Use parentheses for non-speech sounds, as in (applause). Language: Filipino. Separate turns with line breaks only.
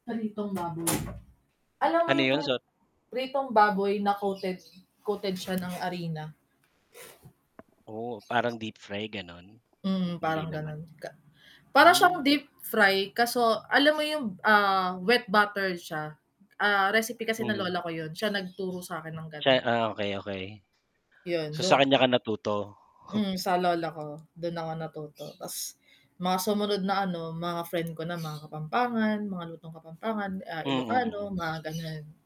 Pritong baboy. Alam mo
Ano
yung
yun,
pri
so
pritong baboy na coated coated siya ng arina.
Oh, parang deep-fry, gano'n? Hm
Mm,
hindi
parang
naman.
gano'n ka para siyang
Hmm.
deep fry kaso alam mo yung, ah, wet butter siya? Ah, recipe kasi ng
Mhm.
lola ko yun, siya nagturo sa'kin ng
Tsa
gano'n.
ah, okey, okey. So,
Yun
sa
dun.
kanya ka natuto?
Mm, sa
(scoffs)
lola ko, dun ako natuto. Ta's mga sumunod na ano, mga friend ko na, mga Kapampangan, mga lutong Kapampangan, ah, Ilocano
Mm.
mga gano'n.